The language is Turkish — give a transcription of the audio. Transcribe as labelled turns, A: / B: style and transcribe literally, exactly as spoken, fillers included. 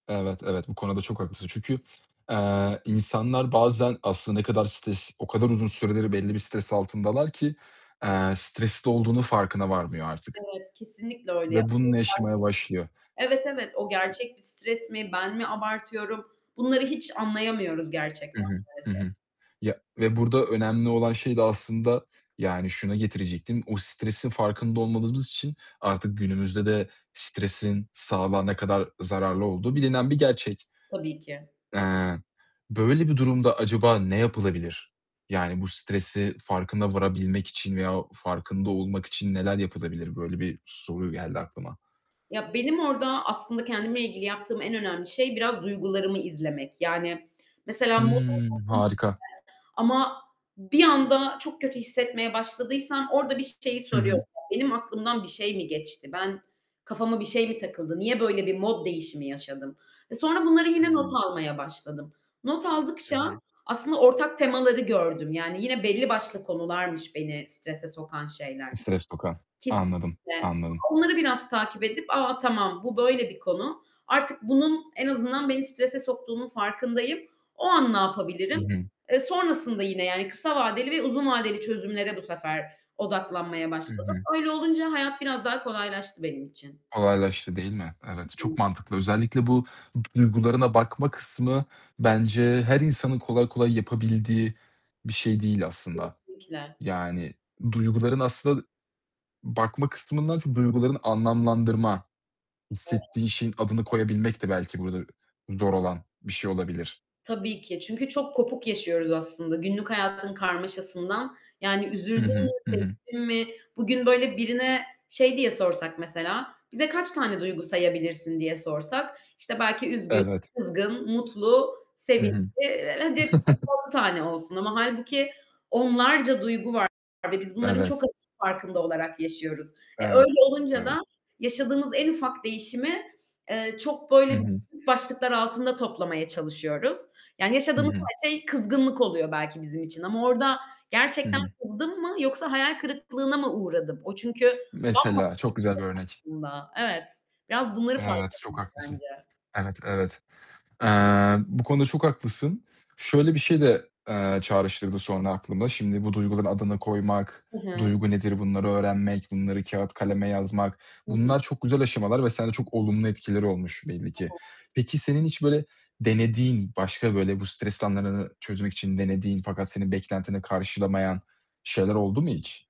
A: Evet, evet, bu konuda çok haklısın çünkü, eee, insanlar bazen aslında ne kadar stres o kadar uzun süreleri belli bir stres altındalar ki, eee, stresli olduğunun farkına varmıyor artık
B: Evet, kesinlikle öyle yap.
A: ve
B: [unintelligible]
A: bununla yaşamaya başlıyor.
B: Evet, evet, o gerçek bir stres mi, ben mi abartıyorum? Bunları hiç anlayamıyoruz
A: Hı
B: gerçekten
A: hı, hı
B: maalesef.
A: hı, ya ve burada önemli olan şey de aslında yani şuna getirecektim, o stresin farkında olmadığımız için artık günümüzde de stresin sağlığa ne kadar zararlı olduğu bilinen bir gerçek.
B: Tabii ki.
A: Eee, böyle bir durumda acaba ne yapılabilir, yani bu stresi farkına varabilmek için veya farkında olmak için neler yapılabilir? Böyle bir soru geldi aklıma.
B: Ya, benim orada aslında kendimle ilgili yaptığım en önemli şey biraz duygularımı izlemek, yani, mesela
A: Hıı. Harika.
B: [unintelligible] ama bir anda çok kötü hissetmeye başladıysam orada bir şeyi
A: Hı hı.
B: soruyorum. Benim aklımdan bir şey mi geçti? Ben kafama bir şey mi takıldı? Niye böyle bir mod değişimi yaşadım? E, sonra bunları yine not
A: Hıı.
B: almaya başladım. Not
A: Hı
B: aldıkça
A: hı.
B: aslında ortak temaları gördüm, yani yine belli başlı konularmış beni strese sokan şeyler.
A: [unintelligible] Anladım,
B: Kesinlikle.
A: anladım.
B: Sonra onları biraz takip edip, a, tamam, bu böyle bir konu. Artık bunun en azından beni strese soktuğunun farkındayım. O an ne
A: Hı
B: yapabilirim?
A: hı.
B: E, sonrasında yine yani kısa vadeli ve uzun vadeli çözümlere bu sefer odaklanmaya
A: Hı
B: başladım.
A: hı.
B: Öyle olunca hayat biraz daha kolaylaştı benim için.
A: Kolaylaştı, değil mi? Evet,
B: Hı
A: çok
B: hı.
A: mantıklı. Özellikle bu t duygularına bakma kısmı bence her insanın kolay kolay yapabildiği bir şey değil aslında,
B: Kesinlikle.
A: yani duyguların aslında bakma kısmından çok duygularını anlamlandırma,
B: [unintelligible]
A: hissettiği şeyin adını koyabilmek de belki burada zor olan bir şey olabilir.
B: Tabii ki, çünkü çok kopuk yaşıyoruz aslında günlük hayatın karmaşasından yani
A: Hı
B: üzüldün mü,
A: hı, hı hı.
B: sevindin mi, bugün böyle birine şey diye sorsak mesela, "Bize kaç tane duygu sayabilirsin?" diye sorsak işte belki üzgün,
A: Evet.
B: kızgın, mutlu,
A: Hı
B: sevinçli,
A: hı.
B: eee, hadi beş altı tane olsun ama hâlbuki onlarca duygu var ve biz bunların çok
A: Evet.
B: azının farkında olarak yaşıyoruz. E,
A: Evet.
B: öyle olunca da
A: Evet.
B: yaşadığımız en ufak değişimi, eee, çok
A: Hı
B: böyle
A: hı.
B: [unintelligible] başlıklar altında toplamaya çalışıyoruz yani
A: Hı
B: yaşadığımız
A: hı.
B: her şey kızgınlık oluyor belki bizim için ama orada
A: Hı
B: gerçekten
A: hı.
B: kızdım mı yoksa hayal kırıklığına mı uğradım? O çünkü bambaşka
A: Mesela, çok güzel bir örnek.
B: bir şey aslında. Evet. Biraz bunları fark
A: Evet, çok
B: etmeliyiz
A: haklısın.
B: bence.
A: Evet, evet. Eee, bu konuda çok haklısın. Şöyle bir şey de, eee, çağrıştırdı sonra aklımda. Şimdi bu duyguların adını koymak,
B: Hı hı.
A: duygu nedir bunları öğrenmek, bunları kâğıt kaleme yazmak,
B: Hı
A: bunlar
B: hı.
A: çok güzel aşamalar ve sende çok olumlu etkileri olmuş belli ki.
B: [unintelligible]
A: Peki, senin hiç böyle denediğin, başka böyle bu stres anlarını çözmek için denediğin fakat senin beklentini karşılamayan şeyler oldu mu hiç?